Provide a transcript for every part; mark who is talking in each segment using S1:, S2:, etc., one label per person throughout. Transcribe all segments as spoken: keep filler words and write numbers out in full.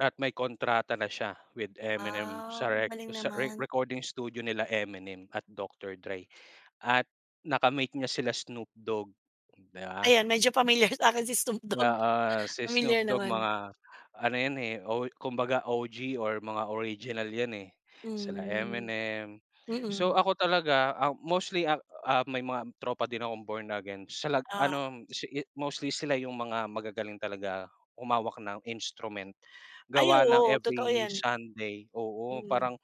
S1: At may kontrata na siya with Eminem
S2: Ah,
S1: sa rec
S2: galing
S1: sa re
S2: naman.
S1: recording studio nila Eminem at Doctor Drey. At naka-meet niya sila Snoop Dogg, di ba?
S2: Ayan, medyo pamilyar sa akin si Snoop Dogg.
S1: Oo, si Snoop
S2: Pamilyar
S1: Dogg
S2: naman.
S1: mga ano yan, eh, o kumbaga, O-G or mga original yan, eh, sila
S2: Hmm,
S1: Eminem. So
S2: mm.
S1: ako talaga, ah, mostly, ah, ah, may mga tropa din akong Born Again sa lag
S2: Ah.
S1: ano si yu mostly sila yung mga magagaling talaga humawak ng instrument.
S2: Ay,
S1: Gawa ng
S2: oo, totoo
S1: every
S2: yan.
S1: Sunday, oo,
S2: Mm.
S1: parang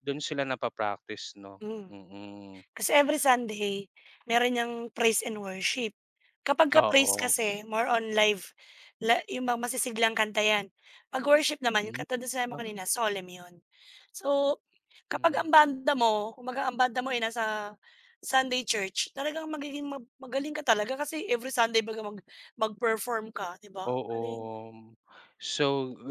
S1: dun sila napa-practice, no?
S2: Hmm.
S1: Mm.
S2: Kasi every Sunday, meron yang praise and worship. Kapag ka praise
S1: Oo.
S2: kasi more on live la yung mga masisiglang kanta yan. Pag worship naman yung
S1: Hmm,
S2: katulad ng sinabi mo kanina,
S1: [unintelligible]
S2: solemn yun. So, kapag
S1: Hmm.
S2: ang banda mo, kumbaga ang banda mo ay nasa Sunday church, talagang magiging ma magaling ka talaga kasi every Sunday 'baga mag mag-perform ka, di ba? Ang
S1: Oo.
S2: galing.
S1: So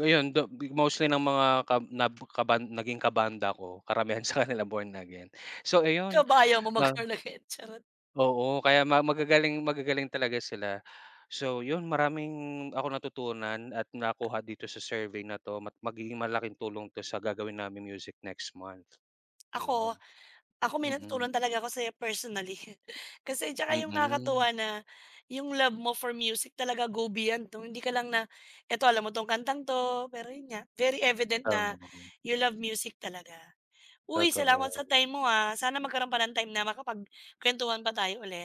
S1: ayun, though, bi mostly ng mga kab na kaban naging kabanda ko, karamihan sakanila Born Again. So, ayun,
S2: Ikaw ba, ayaw mong mag
S1: ah.
S2: Born Again? Charot.
S1: Oo, kaya ma magagaling magagaling talaga sila. So yun maraming akong natutunan at nakuha dito sa survey na to. Ma magiging malaking tulong ito sa gagawin namin music next month yun.
S2: Ako ako may
S1: Mm.
S2: natutunan talaga ako sayo personally. Kasi tsaka yung
S1: Mm.
S2: nakakatuwa na yung love mo for music talaga go beyond no? Hindi ka lang na, eto alam mo tong kantang to. Pero yun nga very evident na
S1: Oo.
S2: you love music talaga. Uy, salamat sa
S1: Totoo.
S2: time mo, ah. Sana magkaroon pa ng time na makapag kwentuhan pa tayo ulit.